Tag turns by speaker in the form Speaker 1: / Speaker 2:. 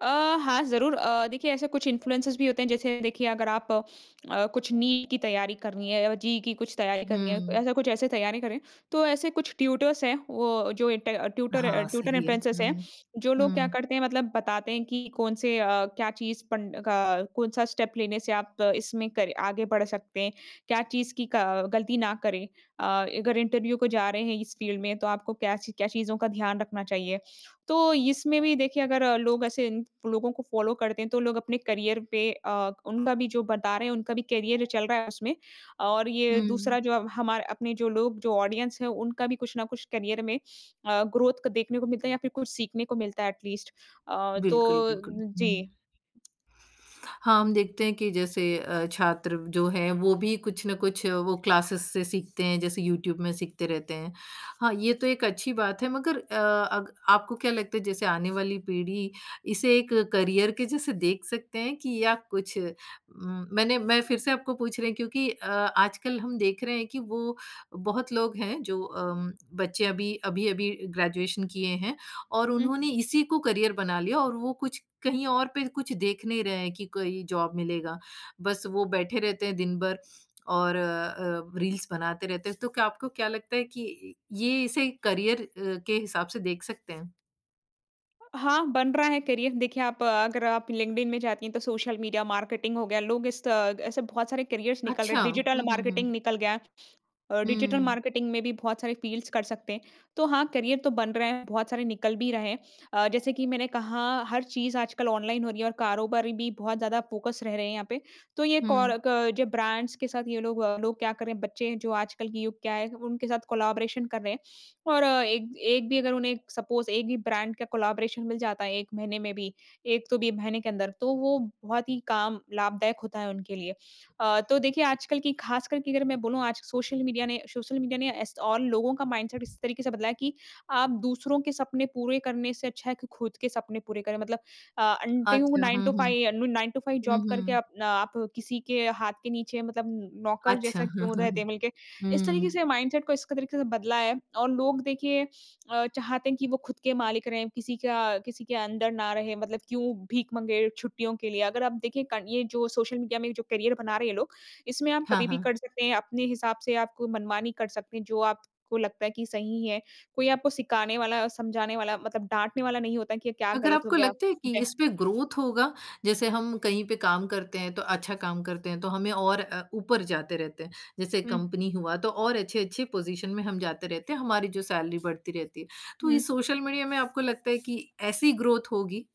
Speaker 1: अ, हाँ ज़रूर। अ, देखिए ऐसे कुछ इन्फ्लुएंसर्स भी होते हैं जैसे देखिए अगर आप अ, कुछ नीट की तैयारी करनी है या जेईई की कुछ तैयारी करनी है,
Speaker 2: हुँ।
Speaker 1: ऐसा कुछ ऐसे तैयारी कर रहे हैं, तो ऐसे कुछ ट्यूटर्स हैं वो जो ट ट्यूटर अ
Speaker 2: हाँ,
Speaker 1: ट्यूटर
Speaker 2: सही है।
Speaker 1: इन्फ्लुएंसर्स हैं,
Speaker 2: हुँ,
Speaker 1: जो लोग क्या
Speaker 2: हुँ।
Speaker 1: करते हैं मतलब बताते हैं कि कौन-से अ, क्या चीज़ पढ़ न का कौन-सा स्टेप लेने से आप इसमें करे आगे बढ़ सकते हैं, क्या चीज़ की क गलती ना करें अ, अगर इंटरव्यू को जा रहे हैं इस फ़ील्ड में, तो आपको क्या च क्या चीज़ों का ध्यान रखना चाहिए। तो इसमें भी देखिए अगर लोग ऐसे इं लोगों को फ़ॉलो करते हैं, तो लोग अपने करियर पे अ, उनका भी जो बता रहे हैं, उनका भी करियर चल रहा है उसमें और ये
Speaker 2: हुँ।
Speaker 1: दूसरा जो अब हमार अपने जो लोग जो ऑडियंस है उनका भी कुछ न कुछ करियर में अ, ग्रोथ क को देखने को मिलता है या फिर कुछ सीखने को मिलता है एट लीस्ट अ,
Speaker 2: बिल्कुल,
Speaker 1: तो
Speaker 2: बिल्कुल। हुँ।
Speaker 1: जी।
Speaker 2: हाँ, हम देखते हैं कि जैसे अ, छात्र जो हैं वो भी कुछ न कुछ वो क्लासेस से सीखते हैं जैसे यूट्यूब में सीखते रहते हैं। हाँ, ये तो एक अच्छी बात है मगर अ, अग आपको क्या लगता है जैसे आने वाली पीढ़ी इसे एक करियर के जैसे देख सकते हैं कि या कुछ उम, मैंने मैं फिर से आपको पूछ रही क्योंकि अ, आजकल हम देख रहे हैं कि वो बहुत लोग हैं जो अम, बच्चे अभी, अभी-अभी ग्रेजुएशन किए हैं और
Speaker 1: हुँ।
Speaker 2: उन्होंने इसी को करियर बना लिया और वो कुछ कहीं और पे कुछ देख नहीं रहे हैं कि कोई जॉब मिलेगा, बस वो बैठे रहते हैं दिन भर और अ, रील्स बनाते रहते हैं। तो क्या आपको क्या लगता है कि ये इसे करियर अ, के हिसाब से देख सकते हैं?
Speaker 1: हाँ, बन रहा है करियर देखिए आप अगर आप लिंक्डइन में जाती हैं, तो सोशल मीडिया मार्केटिंग हो गया। लोग इस त ऐसे बहुत सारे करियर्स निकल रहे
Speaker 2: अच्छा,
Speaker 1: हैं डिजिटल
Speaker 2: हुँ, हुँ,
Speaker 1: मार्केटिंग
Speaker 2: हुँ।
Speaker 1: निकल गया, अ, डिजिटल
Speaker 2: हुँ।
Speaker 1: मार्केटिंग में भी बहुत सारे फ़ील्ड्स कर सकते हैं। तो हाँ करियर तो बन रहे हैं, बहुत सारे निकल भी रहे हैं। अ, जैसे कि मैंने कहा हर चीज़ आजकल ऑनलाइन हो रही है और कारोबारी भी बहुत ज़्यादा फ़ोकस रह रहे हैं यहाँ पे। तो ये
Speaker 2: हुँ।
Speaker 1: कोराक जो ब्रांड्स के साथ ये लोग लोग क्या कर रहे हैं, बच्चे जो आजकल के युग क्या है उनके साथ कोलैबोरेशन कर रहे हैं और एक एक भी अगर उन्हें सपोज एक भी ब्रांड का कोलैबोरेशन मिल जाता है 1 महीने में भी, एक तो भी महीने के अंदर तो वो बहुत ही काम लाभदायक होता है उनके लिए। अ, तो देखिए आजकल की खास कर के अगर मैं बोलूँ आज सोशल मीडिया ने सोशल मीडिया ने ऐस और लोगों का माइंडसेट इस तरीके से बदला है कि आप दूसरों के सपने पूरे करने से अच्छा है कि खुद के सपने पूरे करें मतलब अ, अन्न कईयों को
Speaker 2: अच्छा,
Speaker 1: नाइन टू
Speaker 2: हुँ, हुँ।
Speaker 1: फाइव अनु नाइन टू फाइव
Speaker 2: हुँ,
Speaker 1: जॉब करके
Speaker 2: हुँ।
Speaker 1: अपना आप किसी के हाथ के नीचे मतलब नौकर
Speaker 2: अच्छा।
Speaker 1: जैसा
Speaker 2: हाँ,
Speaker 1: क्यों
Speaker 2: हाँ।
Speaker 1: रहते
Speaker 2: हुँ,
Speaker 1: हैं मिलके। इस तरीके
Speaker 2: हुँ।
Speaker 1: से माइंडसेट को इस क तरीके से बदला है और लोग देखिए अ, चाहते हैं कि वो खुद के मालिक रहे, किसी का किसी के अंडर ना रहे, मतलब क्यों भीख माँगे छुट्टियों के लिए अगर आप देखें क ये जो सोशल मीडिया में जो करियर बना रहे हैं ये लोग, इसमें आप
Speaker 2: हाँ,
Speaker 1: कभी भी
Speaker 2: हाँ।
Speaker 1: कर सकते हैं, अपने हिसाब से, आपको मनमानी कर सकते हैं, जो आपको लगता है कि सही है। कोई आपको सिखाने वाला और समझाने वाला, मतलब डाँटने वाला नहीं होता कि, क्या
Speaker 2: अगर
Speaker 1: गलत हो
Speaker 2: आपको
Speaker 1: गया
Speaker 2: लगता है कि
Speaker 1: है।
Speaker 2: इस पे ग्रोथ होगा, जैसे हम कहीं पे काम करते हैं, तो अच्छा काम करते हैं तो हमें और अ, ऊपर जाते रहते हैं। जैसे
Speaker 1: हुँ।
Speaker 2: कंपनी हुआ तो और अच्छे-अच्छे पोज़ीशन में हम जाते रहते हैं, हमारी जो सैलरी बढ़ती रहती है। तो ये
Speaker 1: हुँ।
Speaker 2: सोशल मीडिया में आपको लगता है कि ऐसी ग्रोथ होगी?